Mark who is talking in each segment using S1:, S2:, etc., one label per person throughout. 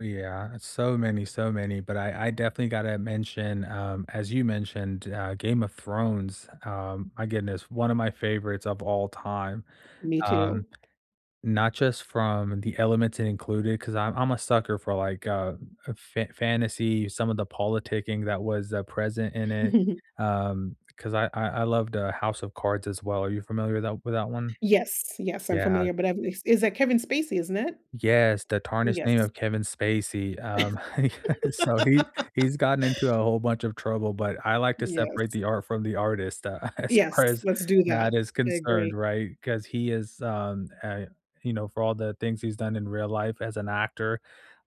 S1: Ooh yeah it's so many, so many, but I I definitely gotta mention, um, as you mentioned, uh, Game of Thrones, um, my goodness, one of my favorites of all time.
S2: Me
S1: Um,
S2: too.
S1: not just from the elements in included, 'cause I'm I'm a sucker for, like, uh, a fa fantasy, some of the politicking that was, uh, present in it, um, 'cause I I I loved the House of Cards as well, are you familiar with that with that one?
S2: Yes, yes I'm
S1: Yeah.
S2: familiar, but I've is is that Kevin Spacey, isn't it?
S1: Yes, the tarnished name
S2: Yes.
S1: of Kevin Spacey, um, he got so he he's gotten into a whole bunch of trouble, but I like to separate
S2: Yes.
S1: the art from the artist, uh, as
S2: Yes.
S1: far as
S2: Let's do that.
S1: that is
S2: I agree.
S1: concerned, right? 'Cause he is, um, I you know, for all the things he's done in real life as an actor,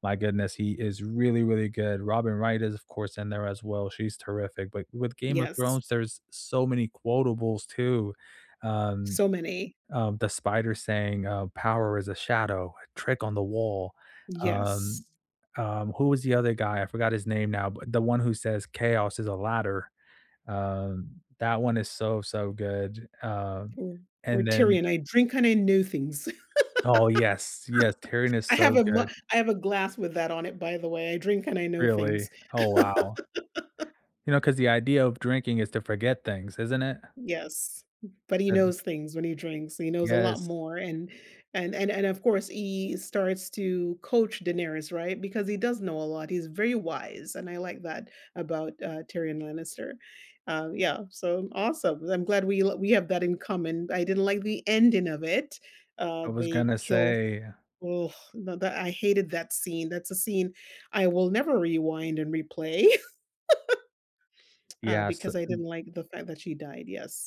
S1: my goodness, he is really, really good, Robin Wright is of course in there as well, she's terrific, but with Game of
S2: Yes.
S1: Thrones, there is so many quotables too, um
S2: So many.
S1: um, the Spider saying, uh, "Power is a shadow, a trick on the wall."
S2: Yes.
S1: Um, um, who was the other guy? I forgot his name now, but the one who says, "Chaos is a ladder." Um, that one is so, so good, uh,
S2: Or or
S1: and then
S2: Tyrion, "I drink and I know things."
S1: Oh, yes. Yes, Tyrion is
S2: I have
S1: so
S2: a mu
S1: good.
S2: I have a glass with that on it, by the way, "I drink and I know
S1: Really?
S2: things."
S1: Oh, wow. You know, 'cause the idea of drinking is to forget things, isn't it?
S2: Yes, b but he
S1: And
S2: knows things when he drinks, he knows a lot
S1: Yes.
S2: more, and and and and, of course, he starts to coach Daenerys, right? Because he does know a lot, he's very wise, and I like that about, uh, Tyrion Lannister. Uh, yeah, so m awesome, I'm glad we l we have that in common. I didn't like the ending of it, uh,
S1: I was
S2: they
S1: gonna
S2: kill
S1: say
S2: ugh, no that I hated that scene, that's a scene I will never rewind and replay, uh,
S1: Yeah, s
S2: because I
S1: m
S2: didn't like the fact that she died, yes.